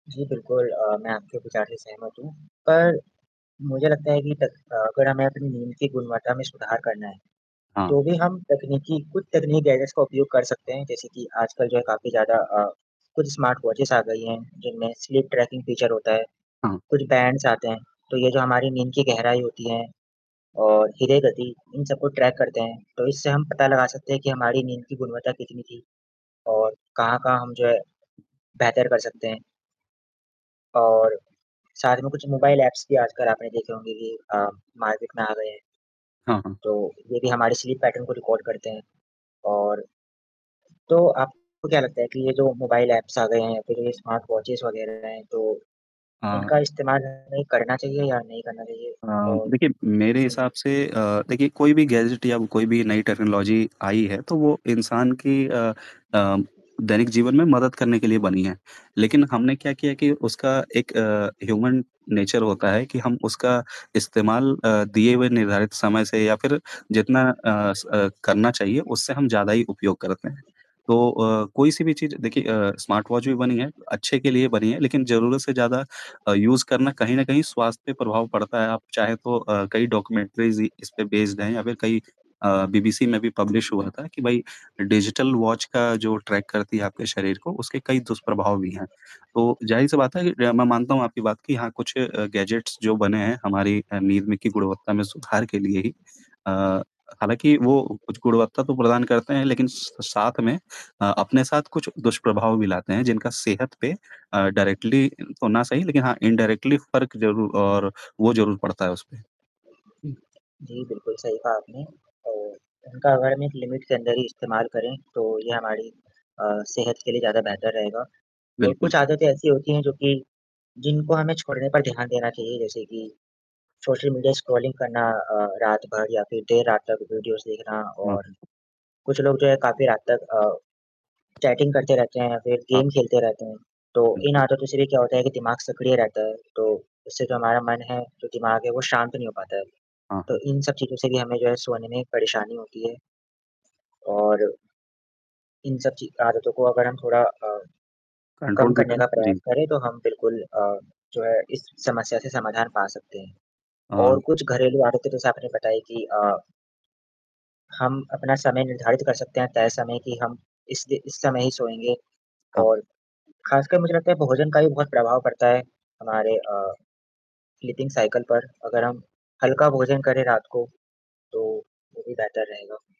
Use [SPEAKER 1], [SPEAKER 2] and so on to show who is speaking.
[SPEAKER 1] जी, बिल्कुल अ, मैं आपके विचार सहमत हूँ, पर, मुझे लगता है कि तक अ, अगर हमें अपनी नींद की गुणवत्ता में सुधार करना है,
[SPEAKER 2] हाँ।
[SPEAKER 1] तो भी हम तकनीकी कुछ तकनीकी गैजेट्स का उपयोग कर सकते हैं। जैसे कि, आजकल जो है काफ़ी ज़्यादा अ, कुछ स्मार्टवॉचेज़ आ गई हैं, जिनमें स्लीप ट्रैकिंग फीचर होता है।
[SPEAKER 2] हाँ।
[SPEAKER 1] कुछ बैंड्स आते हैं, तो ये जो हमारी नींद की गहराई होती है और ह्रदय गति, इन सबको ट्रैक करते हैं। तो इससे हम पता लगा सकते हैं कि हमारी नींद की गुणवत्ता कितनी थी, और कहाँ-कहाँ हम जो है, बेहतर कर सकते हैं। और, साथ में कुछ मोबाइल ऐप्स भी आजकल आपने देखे होंगे कि अ, मार्केट में आ गए हैं।
[SPEAKER 2] हाँ, हाँ।
[SPEAKER 1] तो, ये भी हमारे स्लीप पैटर्न को रिकॉर्ड करते हैं। और तो, आपको क्या लगता है कि, ये जो मोबाइल ऐप्स आ गए हैं या फिर ये स्मार्टवॉचेज़ वगैरह हैं तो,
[SPEAKER 2] हाँ।
[SPEAKER 1] इनका इस्तेमाल हमें करना चाहिए या नहीं करना चाहिए?
[SPEAKER 2] अ,
[SPEAKER 1] और
[SPEAKER 2] देखिए मेरे
[SPEAKER 1] हुँ, हुँ।
[SPEAKER 2] हिसाब से अ, देखिए कोई भी गैजेट या कोई भी नई टेक्नोलॉज़ी आई है, तो वो इंसान की अ अ, दैनिक जीवन में मदद करने के लिए बनी है। लेकिन हमने क्या किया है कि उसका एक अ, ह्यूमन नेचर होता है कि हम उसका इस्तेमाल अ, दिए हुए निर्धारित समय से या फिर जितना अ, स अ, करना चाहिए उससे हम ज़्यादा ही उपयोग करते हैं। तो अ, कोई-सी भी चीज़ देखिए अ, स्मार्टवॉच भी बनी है, अच्छे के लिए बनी है लेकिन ज़रूरत से ज़्यादा अ, यूज़ करना कहीं न कहीं स्वास्थ्य पर प्रभाव पड़ता है, आप चाहे तो अ, कई डॉक्यूमेंटरीज़ इ इस पे बेस्ड हैं या फिर कई अ, बीबीसी में भी पब्लिश हुआ था, कि भाई डिजिटल वॉच का जो ट्रैक करती है आपके शरीर को, उसके कई दुष्प्रभाव भी हैं। तो ज़ाहिर-सी बात है कि र मैं मानता हूँ आपकी बात कि हाँ, कुछ अ, गैजेट्स जो बने हैं, हमारी अ, नींद में की गुणवत्ता में सुधार के लिए ही अ, हालाँकि वो कुछ गुणवत्ता तो प्रदान करते हैं, लेकिन स साथ में अ, अपने साथ कुछ दुष्प्रभाव भी लाते हैं, जिनका सेहत पे अ, डायरेक्टली तो ना सही, लेकिन हाँ, इनडायरेक्टली फ़र्क ज़रूर और वो ज़रूर पड़ता है उसपे। हुँ।
[SPEAKER 1] जी, बिल्कुल सही कहा आपने अ, उनका अगर हम एक लिमिट के अंदर ही इस्तेमाल करें, तो ये हमारी अ, सेहत के लिए ज़्यादा बेहतर रहेगा और
[SPEAKER 2] बिल्कुल।
[SPEAKER 1] कुछ आदतें ऐसी होती हैं जो कि जिनको हमें छोड़ने पर ध्यान देना चाहिए, जैसे कि, सोशल मीडिया स्क्रॉलिंग करना अ, रात भर या फिर देर रात तक वीडियोज़ देखना।
[SPEAKER 2] हाँ,
[SPEAKER 1] और
[SPEAKER 2] हुँ।
[SPEAKER 1] कुछ लोग जो है काफ़ी रात तक अ, चैटिंग करते रहते हैं या फिर
[SPEAKER 2] हाँ।
[SPEAKER 1] गेम खेलते रहते हैं। तो इन
[SPEAKER 2] बिल्कुल।
[SPEAKER 1] आदतों से भी क्या होता है कि दिमाग सक्रिय रहता है, तो इससे जो हमारा मन है, जो दिमाग है वो शांत नहीं हो पाता है,
[SPEAKER 2] हाँ,
[SPEAKER 1] तो
[SPEAKER 2] हाँ।
[SPEAKER 1] इन सब चीज़ों से भी हमें जो है सोने में ही एक परेशानी होती है। और इन सब ची आदतों को अगर हम थोड़ा अ, कम
[SPEAKER 2] कंट्रोल में
[SPEAKER 1] करने
[SPEAKER 2] करें।
[SPEAKER 1] का प्रयास
[SPEAKER 2] जी।
[SPEAKER 1] करें, तो हम बिल्कुल अ, जो है इस समस्या से समाधान पा सकते हैं। और
[SPEAKER 2] हाँ।
[SPEAKER 1] कुछ घरेलू आदतें भी जैसा आपने बताया कि अ हम अपना समय निर्धारित कर सकते हैं, तय समय कि हम इस दे इस समय ही सोएँगे
[SPEAKER 2] हाँ।
[SPEAKER 1] और ख़ासकर मुझे लगता है भोजन का भी बहुत प्रभाव पड़ता है। हमारे अ, स्लीपिंग साइकिल पर, अगर हम हल्का भोजन करें रात को, तो वो भी बेहतर रहेगा।